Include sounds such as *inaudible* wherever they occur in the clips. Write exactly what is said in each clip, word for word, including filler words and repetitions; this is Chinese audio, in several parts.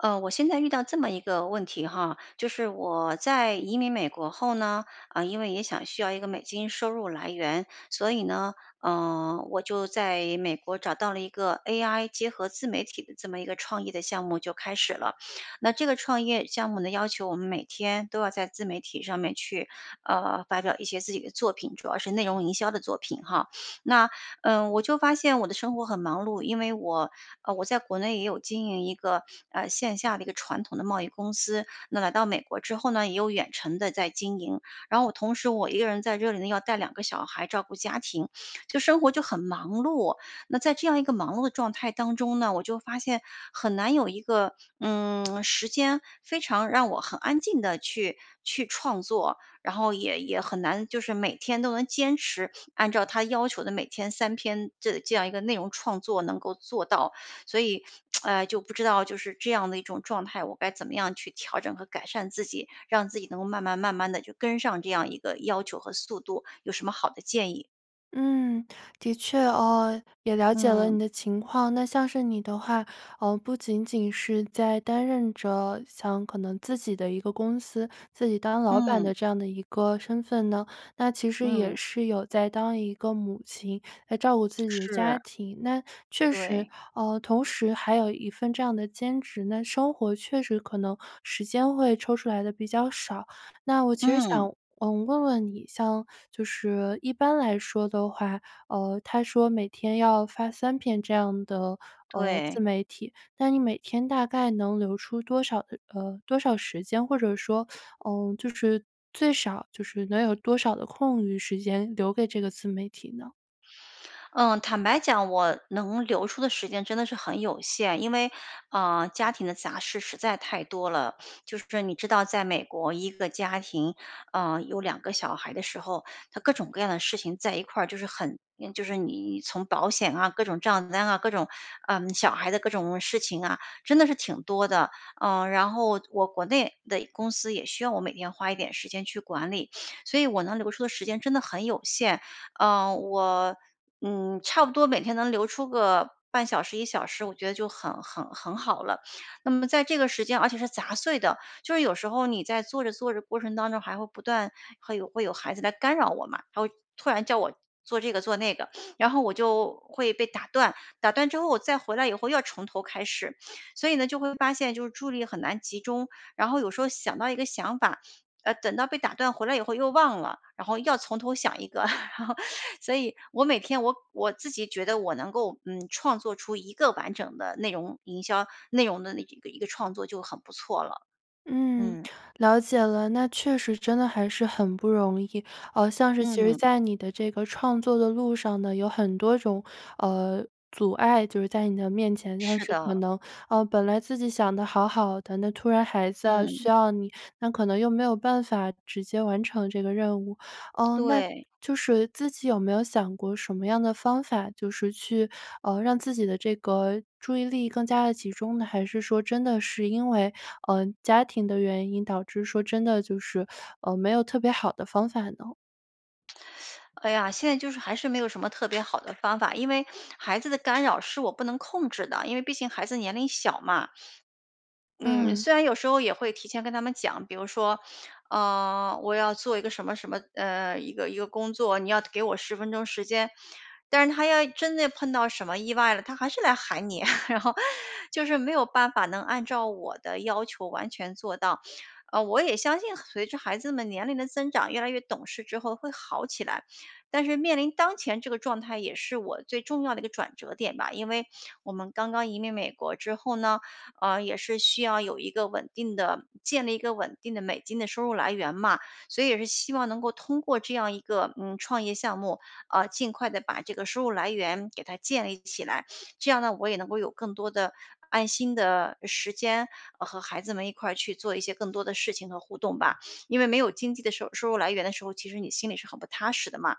呃，我现在遇到这么一个问题哈，就是我在移民美国后呢，啊因为也想需要一个美金收入来源，所以呢，呃我就在美国找到了一个 ai 结合自媒体的这么一个创意的项目就开始了。那这个创业项目的要求我们每天都要在自媒体上面去，呃发表一些自己的作品，主要是内容营销的作品哈。那嗯我就发现我的生活很忙碌，因为我呃我在国内也有经营一个呃线下的一个传统的贸易公司，那来到美国之后呢，也有远程地在经营。然后同时我一个人在这里呢，要带两个小孩照顾家庭，就生活就很忙碌。那在这样一个忙碌的状态当中呢，我就发现很难有一个嗯 *smacks lips* 时间非常让我很安静地去去创作，然后也也很难就是每天都能坚持按照它要求的每天三篇的这样一个内容创作能够做到。所以，*tsk* 呃就不知道就是这样的一种状态，我该怎么样去调整和改善自己，让自己能够慢慢慢慢地就跟上这样一个要求和速度。有什么好的建议？嗯，的确哦，也了解了嗯。你的情况。那像是你的话，呃，不仅仅是在担任着像可能自己的一个公司，自己当老板嗯。的这样的一个身份呢，那其实也嗯。是有在当一个母亲来照顾自己的家是。庭。那确实对。呃，同时还有一份这样的兼职，那生活确实可能，时间会抽出来得比较少。那我其实嗯。想嗯，问问你，像就是一般来说的话，呃，他说每天要发三篇这样的，呃，自对。媒体。那你每天大概能留出多少呃，多少时间，或者说 *sucks teeth* 嗯，就是最少就是能有多少的空余时间留给这个自媒体呢？嗯，坦白讲我能留出的时间真的是很有限，因为，呃，家庭的杂事实在太多了。*sniffs* 就是你知道在美国，一个家庭，呃，有两个小孩的时候，它各种各样的事情在一块儿，就是很就是你从保险啊，各种账单啊，各种呃，小孩的各种事情啊，真的是挺多的。呃，然后我国内的公司也需要我每天花一点时间去管理。*sniffs* 所以我能留出的时间真的很有限，呃，我嗯，差不多每天能留出个半小时、一小时，我觉得就很很很好了。那么在这个时间，而且是杂碎的，就是有时候你在做着做着过程当中，还会不断会有会有孩子来干扰我嘛，他会突然叫我做这个做那个。*sniffs* 然后我就会被打断，打断之后我再回来以后又要从头开始。*sniffs* 所以呢，就会发现就是注意力很难集中，然后有时候想到一个想法呃，等到被打断，回来以后又忘了，然后又要从头想一个。*laughs* 然后，所以我每天我我自己觉得我能够，嗯，创作出一个完整的内容，营销内容的那一个一个创作就很不错了。嗯，嗯。了解了。那确实真的还是很不容易。呃，像是其实嗯。在你的这个创作的路上呢，有很多种，呃，阻碍，就是在你的面前，但是是可的。能呃，本来自己想得好好的，那突然孩子啊需嗯。要你，那可能又没有办法，直接完成这个任务。呃，那对。就是自己有没有想过什么样的方法，就是去呃，让自己的这个注意力更加地集中呢，还是说真的是因为，呃，家庭的原因，导致说真的就是 *sucks teeth* 呃，没有特别好的方法呢？*sucks teeth* 哎呀，现在就是还是没有什么特别好的方法。因为孩子的干扰是我不能控制的，因为毕竟孩子年龄小嘛。嗯嗯。虽然有时候也会提前跟他们讲，比如说，呃我要做一个什么什么呃一个一个工作，你要给我十分钟时间。但是他要真的碰到什么意外了，他还是来喊你。*laughs* 然后 *laughs* 就是没有办法能按照我的要求完全做到。呃我也相信随着孩子们年龄的增长，越来越懂事之后会好起来。但是面临当前这个状态也是我最重要的一个转折点吧。因为我们刚刚移民美国之后呢，呃也是需要有一个稳定的建立一个稳定的美金的收入来源嘛。所以也是希望能够通过这样一个，嗯创业项目，啊尽快地把这个收入来源给它建立起来。这样呢，我也能够有更多的安心的时间，呃和孩子们一块儿去做一些更多的事情和互动吧。因为没有经济的收收入来源的时候，其实你心里是很不踏实的嘛。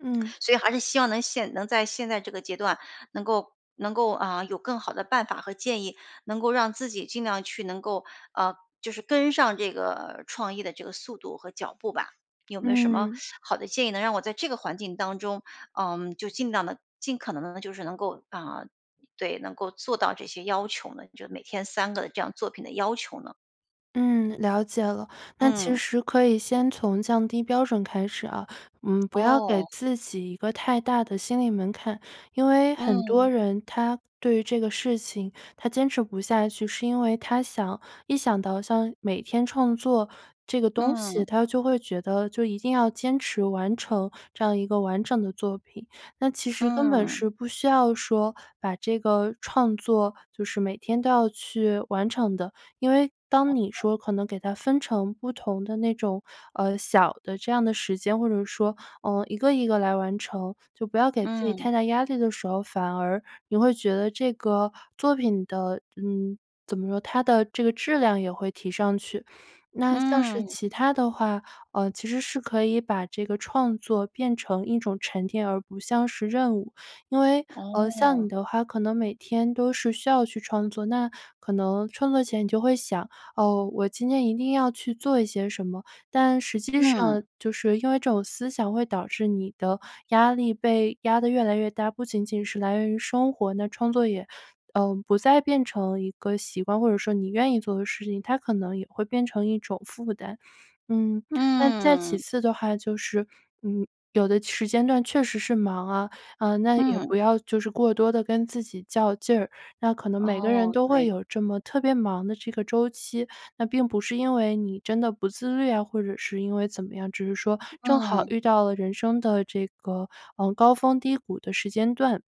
嗯。*swallows* 所以还是希望能现能在现在这个阶段能够能够啊有更好的办法和建议，能够让自己尽量去能够呃就是跟上这个创业的这个速度和脚步吧。有没有什么嗯。*sucks teeth* 好的建议，能让我在这个环境当中，嗯就尽量地尽可能地就是能够啊对，能够做到这些要求呢？就每天三个这样作品的要求呢？嗯，了解了，那其嗯。实可以先从降低标准开始啊，嗯不要给哦。自己一个太大的心理门槛。因为很多嗯。人他对于这个事情，他坚持不下去，是因为他想一想到像每天创作这个东西，嗯。他就会觉得就一定要坚持完成这样一个完整的作品。那其实根本嗯。是不需要说，把这个创作就是每天都要去完成的，因为，当你哦。说可能给它分成不同的那种呃小的这样的时间，或者说，呃一个一个来完成，就不要给自己嗯。太大压力的时候，反而，你会觉得这个作品的嗯怎么说，它的这个质量也会提上去。那像是嗯。其他的话，呃其实是可以把这个创作变成一种沉淀而不像是任务。因为，呃像哦。你的话，可能每天都是需要去创作，那可能创作前你就会想：哦，我今天一定要去做一些什么。但实际嗯上，就是因为这种思想会导致你的压力被压得越来越大，不仅仅是来源于生活，那创作也嗯不再变成一个习惯，或者说你愿意做的事情，它可能也会变成一种负担。嗯那再其嗯。次的话就是，嗯有的时间段确实是忙啊，呃那也嗯。不要就是过多地跟自己较劲儿，那可能每个人哦，都会对。有这么特别忙的这个周期，那并不是因为你真的不自律啊，或者是因为怎么样，只是说正好嗯。遇到了人生的这个，呃高峰低谷的时间段。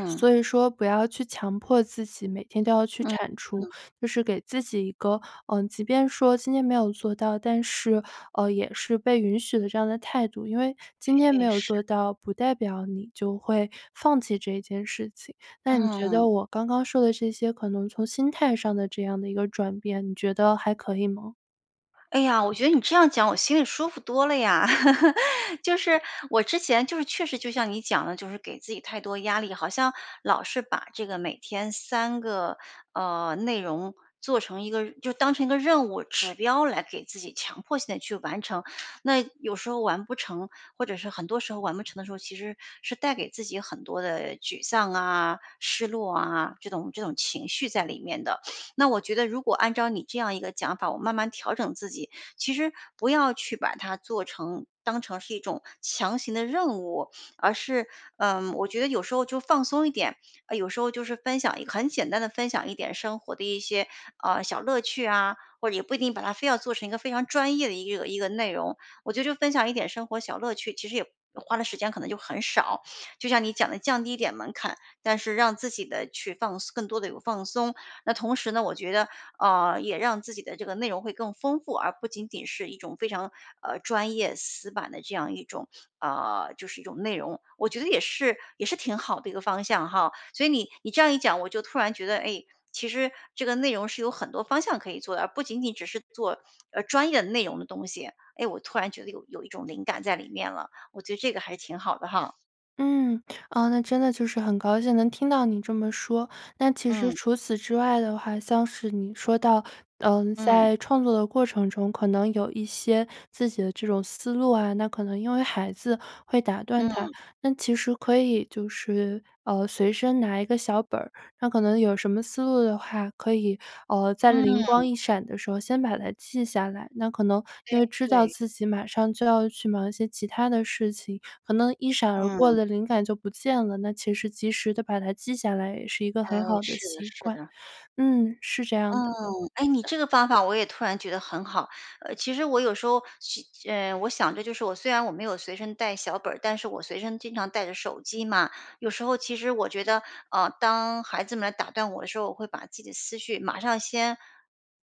*swallows* 所以说不要去强迫自己每天都要去嗯产出，嗯。就是给自己一个呃即便说今天没有做到，但是，呃也是被允许的这样的态度，因为今天没诶，有是。做到，不代表你就会放弃这件事情。那你觉嗯。得我刚刚说的这些可能从心态上的这样的一个转变，你觉得还可以吗？哎呀，我觉得你这样讲，我心里舒服多了呀。*laughs* 就是，我之前就是确实就像你讲的，就是给自己太多压力，好像老是把这个每天三个呃内容做成一个就当成一个任务指标来给自己强迫性地去完成。那有时候完不成或者是很多时候完不成的时候，其实是带给自己很多的沮丧啊、失落啊，这种这种情绪在里面的。那我觉得如果按照你这样一个讲法，我慢慢调整自己，其实不要去把它做成当成是一种强行的任务，而是，嗯我觉得有时候就放松一点。呃有时候就是分享一个很简单地分享一点生活的一些啊小乐趣啊，或者也不一定把它非要做成一个非常专业的一个一个内容。我觉得就分享一点生活小乐趣，其实也花的时间可能就很少，就像你讲的降低一点门槛。但是让自己呢去放松更多地有放松。那同时呢，我觉得，呃也让自己的这个内容会更丰富。而不仅仅是一种非常呃专业、死板的这样一种，呃就是一种内容。我觉得也是也是挺好的一个方向哈。所以你你这样一讲，我就突然觉得，哎，其实这个内容是有很多方向可以做的。而不仅仅只是做呃专业的内容的东西。哎，我突然觉得有有一种灵感在里面了，我觉得这个还挺好的哈。嗯，啊那真的就是很高兴能听到你这么说。但其实嗯。除此之外的话，像是你说到，嗯嗯。在创作的过程中，可能有一些自己的这种思路，那可能因为孩子会打断它。嗯。那其实可以就是嗯随身拿一个小本儿，那可能有什么思路的话，可以嗯在灵嗯。光一闪的时候先把它记下来。那可能对因为知道对。自己马上就要去忙一些其他的事情，可能一闪而过嗯。的灵感就不见了，那其实及时地把它记下来也是一个嗯，很好的是的习是惯。的。嗯，是这样的。嗯。哎，你这个方法我也突然觉得很好。呃其实我有时候去嗯我想的就是，我虽然我没有随身带小本儿，但是我随身经常带着手机嘛。有时候其实我觉得，啊当孩子们打断我的时候，我会把自己的思绪马上先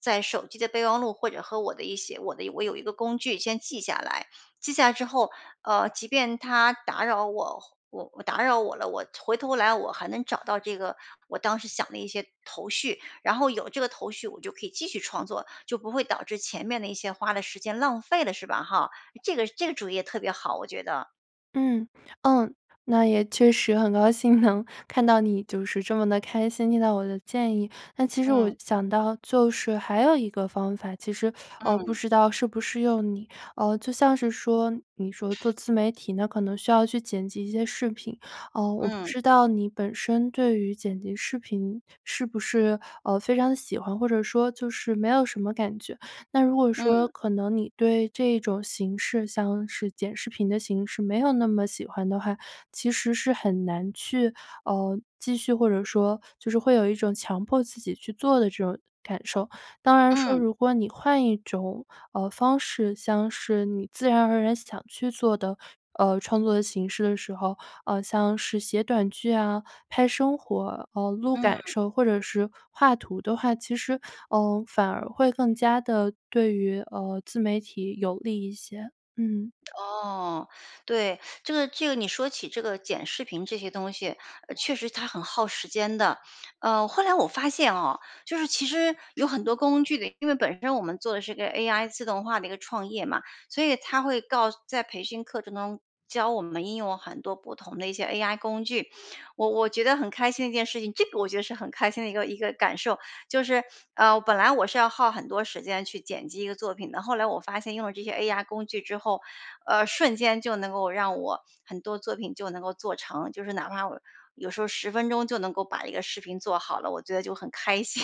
在手机的备忘录或者和我的一些我的我有一个工具先记下来。记下来之后，呃即便他打扰我，或我我打扰我了，我回头来我还能找到这个我当时想的一些头绪。然后有这个头绪，我就可以继续创作，就不会导致前面的一些花的时间浪费了是吧哈。这个这个主意特别好，我觉得。嗯嗯，那也确实很高兴能看到你就是这么地开心听到我的建议。但其实我嗯。想到就是还有一个方法，其实，呃不嗯。知道适不适用你。呃就像是说，你说做自媒体呢可能需要去剪辑一些视频，嗯我不嗯。知道你本身对于剪辑视频是不是呃非常喜欢，或者说就是没有什么感觉。那如果说嗯。可能你对这种形式，像是剪视频的形式，没有那么喜欢的话，其实是很难去嗯继续或者说就是会有一种强迫自己去做的这种感受。当然说，嗯。如果你换一种嗯方式，像是你自然而然想去做的嗯创作的形式的时候，呃像是写短剧啊，拍生活呃录感嗯。受或者是画图的话，其实，嗯反而会更加地对于嗯自媒体有利一些，嗯。哦，*sucks teeth* 对。*sucks teeth* 这个这个你说起这个剪视频这些东西，呃确实它很耗时间的。呃后来我发现哦，就是其实有很多工具因为本身我们做的是一个 AI 自动化的一个创业嘛，所以它会告在培训课程中教我们应用很多不同的一些 AI 工具，我我觉得很开心的一件事情这个我觉得是很开心的一个一个感受。就是呃，本来我是要耗很多时间去剪辑一个作品的。后来我发现用了这些 AI 工具之后，呃瞬间就能够让我很多作品就能够做成。就是哪怕我有时候十分钟就能够把一个视频做好了，我觉得就很开心。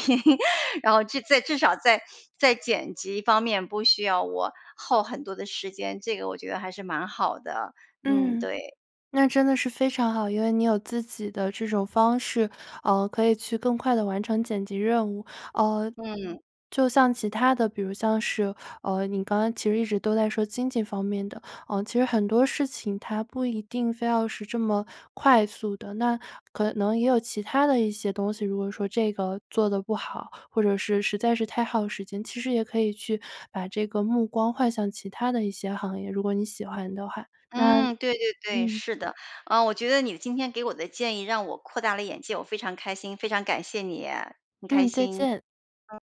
然后在至少在在剪辑方面不需要我耗很多的时间，这个我觉得还是蛮好的。嗯，嗯，对。那真的是非常好。因为你有自己的这种方式，呃可以去更快地完成剪辑任务。嗯嗯。就像其他的，比如像是呃你刚刚其实一直都在说经济方面的，呃其实很多事情它不一定非要是这么快速的，那可能也有其他的一些东西，如果说这个做得不好，或者是实在是太耗时间，其实也可以去把这个目光换向其他的一些行业，如果你喜欢的话，那嗯，对对对，嗯。是的。啊我觉得你今天给我的建议让我扩大了眼界，我非常开心，非常感谢你，很开嗯，再心。见。嗯。